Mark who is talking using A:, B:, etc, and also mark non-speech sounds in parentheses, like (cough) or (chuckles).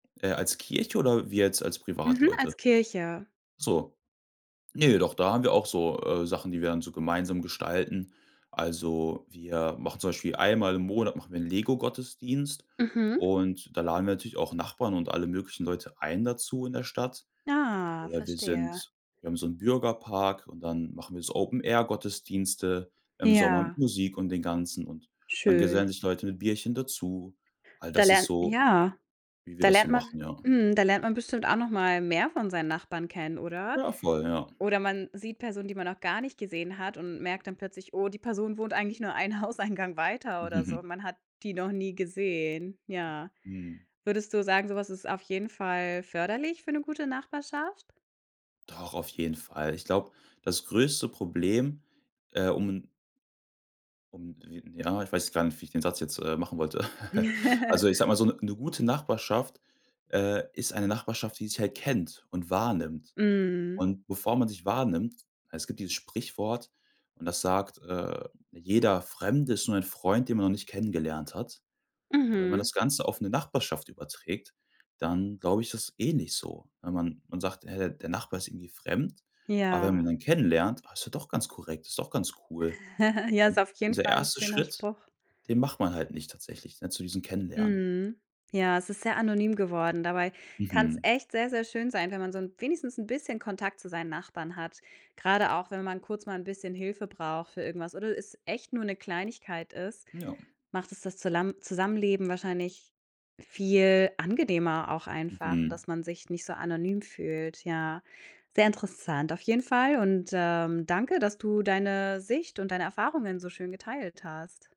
A: Äh, als Kirche oder wir jetzt als
B: Mhm,
A: Privatleute?
B: als Kirche.
A: So. Ne, doch da haben wir auch so, äh, Sachen, die wir dann so gemeinsam gestalten. Also, wir machen zum Beispiel einmal im Monat, machen wir 'n LEGO-Gottesdienst,
B: Mhm.
A: und da laden wir natürlich auch Nachbarn und alle möglichen Leute ein dazu in der Stadt.
B: Ah,
A: Oder wir
B: verstehe.
A: sind wir haben so 'n Bürgerpark und dann machen wir so Open-Air-Gottesdienste im Sommer mit
B: Ja.
A: Musik und den Ganzen, und dann gesellen
B: Schön.
A: sich Leute mit Bierchen dazu. All
B: Da
A: das ist
B: lernt
A: so,
B: ja.
A: wie wir
B: Da
A: das so
B: lernt man
A: machen, ja.
B: mhm, da lernt man bestimmt auch noch mal mehr von seinen Nachbarn kennen, oder?
A: Ja, voll, ja.
B: Oder man sieht Personen, die man noch gar nicht gesehen hat und merkt dann plötzlich, oh, die Person wohnt eigentlich nur einen Hauseingang weiter oder so,
A: (chuckles)
B: man hat die noch nie gesehen, ja.
A: Mhm.
B: Würdest du sagen, so was ist auf jeden Fall förderlich für 'ne gute Nachbarschaft?
A: Doch, auf jeden Fall. Ich glaube, das größte Problem, äh, um 'n um, wi ja, ich weiß jetzt gar nicht, wie ich den Satz jetzt, äh, machen wollte. (chuckles)
B: (chuckles)
A: Also, ich sage mal, so 'ne 'ne gute Nachbarschaft, äh, ist eine Nachbarschaft, die sich halt kennt und wahrnimmt.
B: Mhm.
A: Und bevor man sich wahrnimmt es gibt dieses Sprichwort und das sagt: „Äh, jeder Fremde ist nur ein Freund, den man noch nicht kennengelernt hat.“ Und wenn man
B: Mhm.
A: das Ganze auf 'ne Nachbarschaft überträgt, dann glaube ich, dass ist ähnlich so, wenn man man sagt: „,Äh, der Nachbar ist irgendwie fremd.“ Aber wenn man ihn
B: Ja.
A: dann kennenlernt: „Ah, ist ja doch ganz korrekt, ist doch ganz cool.“
B: (chuckles) Ja,
A: Und,
B: ist auf jeden
A: dieser
B: Fall 'n
A: 1.
B: schöner
A: Schritt,
B: Spruch.
A: den macht man halt nicht tatsächlich, ne, zu diesem Kennenlernen.
B: Mhm. Ja, es ist sehr anonym geworden, dabei kann's
A: Mhm.
B: echt sehr, sehr schön sein, wenn man so 'n wenigstens 'n bisschen Kontakt zu seinen Nachbarn hat. Grade auch, wenn man kurz mal 'n bisschen Hilfe braucht für irgendwas oder es echt nur 'ne Kleinigkeit ist,
A: Ja.
B: macht es das Zulam Zusammenleben wahrscheinlich viel angenehmer auch einfach,
A: Mhm.
B: dass man sich nicht so anonym fühlt, ja. Sehr interessant auf jeden Fall und, ähm, danke, dass du deine Sicht und deine Erfahrungen so schön geteilt hast.